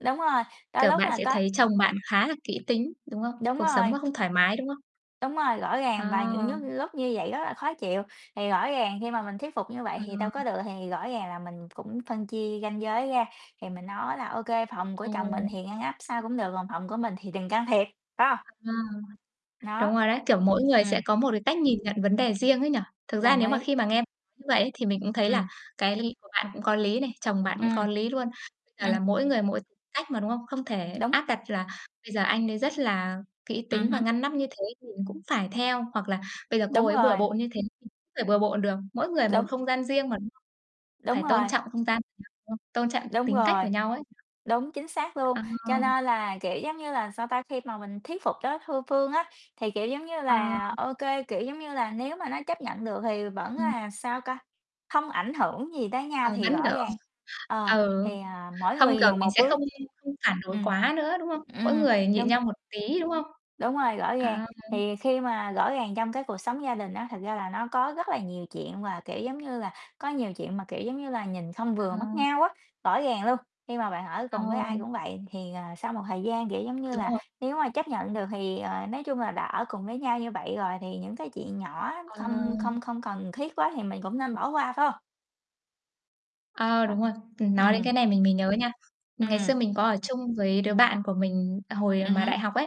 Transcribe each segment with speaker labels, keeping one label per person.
Speaker 1: Đúng rồi, đôi
Speaker 2: Kiểu,
Speaker 1: lúc
Speaker 2: bạn
Speaker 1: là
Speaker 2: sẽ
Speaker 1: có
Speaker 2: thấy chồng bạn khá là kỹ tính, đúng không?
Speaker 1: đúng
Speaker 2: Cuộc sống
Speaker 1: rồi.
Speaker 2: mà không thoải mái, đúng không?
Speaker 1: Đúng rồi, rõ ràng, và những
Speaker 2: À.
Speaker 1: lúc- lúc như vậy rất là khó chịu, thì rõ ràng khi mà mình thuyết phục như vậy thì đâu có
Speaker 2: Ờ.
Speaker 1: được thì rõ ràng là mình cũng phân chia ranh giới ra, thì mình nói là "Ô kê, phòng của
Speaker 2: Ờ.
Speaker 1: chồng mình thì ngăn nắp sao cũng được, còn phòng của mình thì đừng can thiệp", phải hông?
Speaker 2: Ờ,
Speaker 1: Nó.
Speaker 2: đúng rồi đấy, kiểu, mỗi người sẽ
Speaker 1: Ừm.
Speaker 2: có một cái cách nhìn nhận vấn đề riêng ấy nhỉ. Thực ra
Speaker 1: Đồng
Speaker 2: nếu mà
Speaker 1: ý.
Speaker 2: khi mà nghe nói như vậy ấy thì mình cũng thấy là
Speaker 1: Ừm.
Speaker 2: cái của bạn cũng có lý này, chồng bạn cũng
Speaker 1: Ừm.
Speaker 2: có lý luôn. Bây giờ là
Speaker 1: Ừm.
Speaker 2: mỗi người mỗi cách mà, đúng không? Không thể
Speaker 1: Đúng.
Speaker 2: áp đặt là bây giờ anh đấy rất là kỹ
Speaker 1: Ừm
Speaker 2: tính và
Speaker 1: hứm.
Speaker 2: ngăn nắp như thế mình cũng phải theo hoặc là bây giờ cô
Speaker 1: Đúng
Speaker 2: ấy
Speaker 1: rồi.
Speaker 2: bừa bộn như thế [unintelligible] bừa bộn được. Mỗi người một
Speaker 1: Đúng.
Speaker 2: không gian riêng mà
Speaker 1: Đúng
Speaker 2: phải tôn
Speaker 1: rồi.
Speaker 2: trọng không gian của nhau, đúng không? Tôn trọng
Speaker 1: Đúng
Speaker 2: tính cách
Speaker 1: rồi.
Speaker 2: của nhau ấy.
Speaker 1: Đúng, chính xác luôn.
Speaker 2: Ờ.
Speaker 1: Cho nên là, kiểu, giống như là sao ta, khi mà mình thuyết phục đối thư phương á, thì, kiểu, giống như
Speaker 2: Ờ.
Speaker 1: là, ô kê, kiểu, giống như là, nếu mà nó chấp nhận được thì vẫn
Speaker 2: Ừm.
Speaker 1: là, sao ca, không ảnh hưởng gì tới
Speaker 2: Ờ,
Speaker 1: nhau thì
Speaker 2: vẫn,
Speaker 1: rõ
Speaker 2: kiểu
Speaker 1: ràng ờ,
Speaker 2: ừ,
Speaker 1: thì, ờ, mỗi
Speaker 2: không,
Speaker 1: người
Speaker 2: kiểu,
Speaker 1: nhường
Speaker 2: mình
Speaker 1: một
Speaker 2: sẽ không
Speaker 1: bước.
Speaker 2: không phản đối
Speaker 1: Ừm.
Speaker 2: quá nữa, đúng không? Mỗi
Speaker 1: Ừm.
Speaker 2: người nhịn
Speaker 1: Đúng.
Speaker 2: nhau một tí, đúng không?
Speaker 1: Đúng rồi, rõ ràng.
Speaker 2: À.
Speaker 1: Thì khi mà rõ ràng trong cái cuộc sống gia đình á, thật ra là nó có rất là nhiều chuyện và, kiểu, giống như là, có nhiều chuyện mà, kiểu, giống như là, nhìn không
Speaker 2: Ờ.
Speaker 1: vừa mắt nhau á. Rõ ràng luôn, khi mà bạn ở
Speaker 2: Ờ.
Speaker 1: cùng với ai cũng vậy thì, ờ, sau một thời gian, kiểu, giống như
Speaker 2: Đúng
Speaker 1: là,
Speaker 2: rồi.
Speaker 1: nếu mà chấp nhận được thì, ờ nói chung là đã ở cùng với nhau như vậy rồi thì những cái chuyện nhỏ
Speaker 2: Ờ.
Speaker 1: không không không cần thiết quá thì mình cũng nên bỏ qua, phải hông?
Speaker 2: Ờ, đúng
Speaker 1: [unintelligible]
Speaker 2: rồi. Ừm, nói đến
Speaker 1: Ừm.
Speaker 2: cái này mình mới nhớ nha, ngày
Speaker 1: Ừm.
Speaker 2: xưa mình có ở chung với đứa bạn của mình hồi
Speaker 1: Ừm
Speaker 2: mà
Speaker 1: hứm.
Speaker 2: đại học ấy.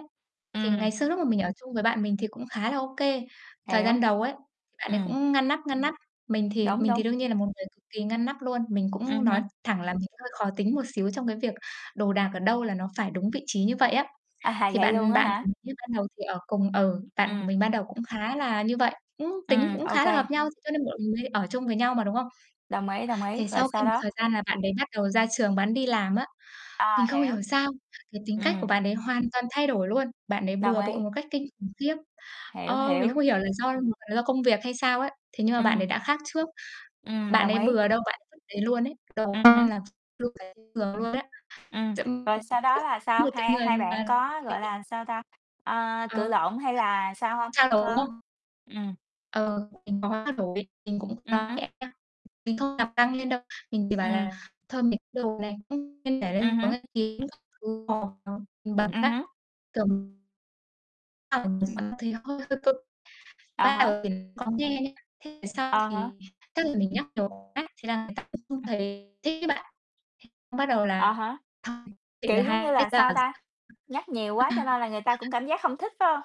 Speaker 2: Thì
Speaker 1: Ừm.
Speaker 2: ngày xưa lúc mà mình ở chung với bạn mình thì cũng khá là ô kê. Thời
Speaker 1: Hiểu.
Speaker 2: gian đầu ấy, thì bạn ấy
Speaker 1: Ừm.
Speaker 2: cũng ngăn nắp, ngăn nắp. Mình thì
Speaker 1: Đúng,
Speaker 2: mình
Speaker 1: đúng.
Speaker 2: thì đương nhiên là một người cực kỳ ngăn nắp luôn. Mình cũng
Speaker 1: Ừm
Speaker 2: nói
Speaker 1: hứm.
Speaker 2: thẳng là mình hơi khó tính một xíu trong cái việc đồ đạc ở đâu là nó phải đúng vị trí như vậy á.
Speaker 1: À,
Speaker 2: Thì
Speaker 1: vậy luôn
Speaker 2: bạn
Speaker 1: á
Speaker 2: bạn
Speaker 1: hả?
Speaker 2: của mình ban đầu thì ở cùng ừ, bạn của
Speaker 1: Ừm.
Speaker 2: mình ban đầu cũng khá là như vậy, cũng tính
Speaker 1: Ừm,
Speaker 2: cũng
Speaker 1: ô
Speaker 2: khá là hợp
Speaker 1: kê.
Speaker 2: nhau, cho nên bọn mình mới ở chung với nhau mà, đúng không?
Speaker 1: Đồng ý, đồng ý,
Speaker 2: Thì
Speaker 1: rồi
Speaker 2: sau khi
Speaker 1: sau
Speaker 2: một
Speaker 1: đó
Speaker 2: thời gian là bạn đấy bắt đầu ra trường bạn đi làm á, mình
Speaker 1: À,
Speaker 2: không
Speaker 1: hiểu.
Speaker 2: hiểu sao cái tính cách của
Speaker 1: Ừm.
Speaker 2: bạn đấy hoàn toàn thay đổi luôn. Bạn ấy
Speaker 1: Đồng
Speaker 2: bừa bộn
Speaker 1: ý.
Speaker 2: một cách kinh khủng khiếp.
Speaker 1: Hiểu,
Speaker 2: Ờ, mình
Speaker 1: hiểu.
Speaker 2: không hiểu là do [unintelligible] là do công việc hay sao ấy, thế nhưng mà bạn ấy
Speaker 1: Ừm.
Speaker 2: đã khác trước.
Speaker 1: Ừm,
Speaker 2: Bạn
Speaker 1: đồng
Speaker 2: ấy
Speaker 1: ý.
Speaker 2: bừa đâu bạn vứt đấy luôn ấy. Đồ
Speaker 1: Ừm hứm.
Speaker 2: [unintelligible] giường luôn đấy.
Speaker 1: Ừm,
Speaker 2: Chậm
Speaker 1: rồi
Speaker 2: [unintelligible]
Speaker 1: sau đó là sao?
Speaker 2: một cái
Speaker 1: Hai
Speaker 2: người
Speaker 1: hai bạn
Speaker 2: mà
Speaker 1: có, gọi
Speaker 2: [unintelligible]
Speaker 1: là, sao ta, ờ, cự
Speaker 2: Ờ,
Speaker 1: lộn hay là sao hông?
Speaker 2: trao đổi, đúng
Speaker 1: Có
Speaker 2: không?
Speaker 1: ừm.
Speaker 2: Ờ, mình có trao đổi, mình cũng [unintelligible]
Speaker 1: Ừm hứm.
Speaker 2: nhẹ nhá. Mình không làm căng lên đâu, mình chỉ bảo
Speaker 1: Ừm.
Speaker 2: là thôi mình đồ đạc
Speaker 1: Ừm hứm. Ừm hứm.
Speaker 2: cũng [unintelligible] Ờ, một
Speaker 1: Ừm.
Speaker 2: phần [unintelligible] hơi cực.
Speaker 1: À
Speaker 2: Ban
Speaker 1: há.
Speaker 2: đầu thì có nghe nhá, về sau
Speaker 1: À há.
Speaker 2: thì tức là mình nhắc nhiều quá thế là người ta cũng không
Speaker 1: Ừm.
Speaker 2: thấy thích ấy bạn. Bắt đầu
Speaker 1: À
Speaker 2: là
Speaker 1: há. Kiểu, giống như là, sao ta, nhắc nhiều quá cho nên là người ta cũng
Speaker 2: [unintelligible]
Speaker 1: cảm giác hông thích, phải hông?